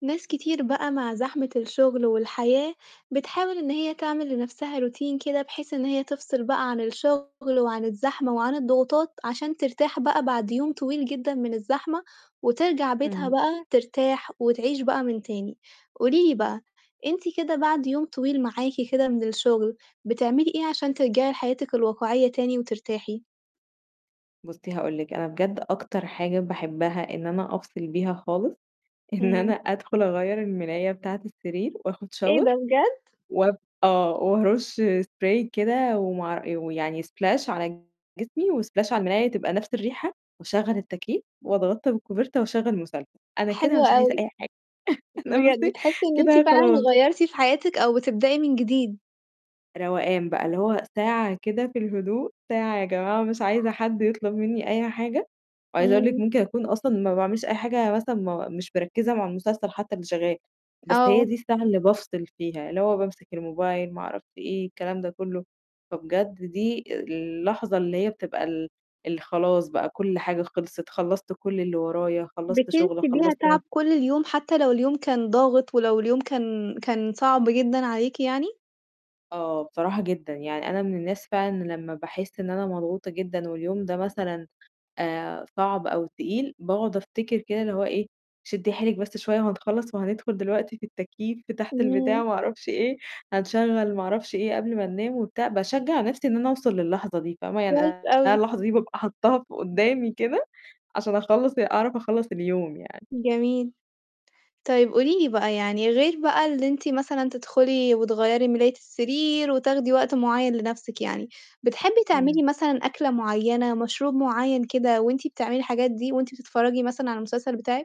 ناس كتير بقى مع زحمة الشُغل والحياة، بتحاول إن هي تعمل لنَفْسها روتين كده بحيث إن هي تفصل بقى عن الشُغل وعن الزحمة، وعن الضغوطات عشان ترتاح بقى بعد يوم طويل جدًا من الزحمة، وترجع بيتها إمم. بقى ترتاح وتعيش بقى من تاني. قولي لي بقى، أنتِ كده بعد يوم طويل معاكِ كده من الشُغل، بتعملي إيه عشان ترجعي لحياتِك الواقعية تاني وترتاحي؟ بُصّي، هاقول لِك، أنا بجد أكتر حاجة باحبّها إن أنا أفصل بيها خالص، إن أنا إمم. أدخُل أغيّر المِلاية بتاعة السرير وآخُد إيه shower ده، بجد؟! وب آه. وأرُش spray كده ومع ويعني splash على جسمي وsplash على الملاية تبقى نَفْس الريحة وأشغّل التكييف وأتغطّى بالكوفرتة وأشغّل مسل أنا كده حلو مش عايزة أوي. أي حاجة، أنا بجد بُصّي تحسّي إن أنتِ كده فعلًا خلاص. غيّرتِ في حياتِك أو بتبدئي من جديد. روقان بقى، اللي هو ساعة كده في الهدوء، ساعة يا جماعة مش عايزة حد يطلُب منّي أي حاجة. وعايزة أقول لِك إمم. ممكن أكون أصلًا ما باعملش أي حاجة مثلًا ما مش مركِّزة مع المسلسل حتّى اللي شغّال، بس هي آه. دي الساعة اللي بافصل فيها، اللي هو بامسك الموبايل، ما أعرفش إيه، الكلام ده كُلّه. فبجد دي اللحظة اللي هي بتبقى ال اللي خلاص بقى كل حاجة خلصِت، خلّصت كل اللي ورايا، خلّصت بتنسي شُغل، بيها خلّصت مث تعب كل اليوم، حتّى لو اليوم كان ضاغط ولو اليوم كان كان صعب جدًا عليكِ يعني؟ آه، بصراحة جدًا. يعني أنا من الناس فعلًا إن لمّا باحس إن أنا مضغوطة جدًا واليوم ده مثلًا آآ صعب أو تقيل، باقعُد أفتكر كده اللي هو إيه، شدّي حيلِك بس شوية وهنخلّص وهندخُل دلوقتي في التكييف ف تحت البتاع إمم. وما أعرفش إيه، هنشغّل ما أعرفش إيه قبل ما ننام وبتاع، باشجّع نَفْسي إن أنا أوصل للحظة دي، فاهمة؟ يعني كويس أنا أوي. اللحظة دي بابقى حطّاها ف قُدّامي كده، عشان أخلّص أعرف أخلّص اليوم يعني. جميل. طيب قولي لي بقى يعني غير بقى اللي أنتِ مثلًا تدخُلي وتغيّري مِلاية السرير وتاخدي وقت معيّن لنَفْسِك يعني، بتحبّي إمم. تعملي مثلًا أكلة معيّنة، مشروب معيّن كده وأنت بتعملي الحاجات دي وأنتِ بتتفرّجي مثلًا على المسلسل بتاعِك؟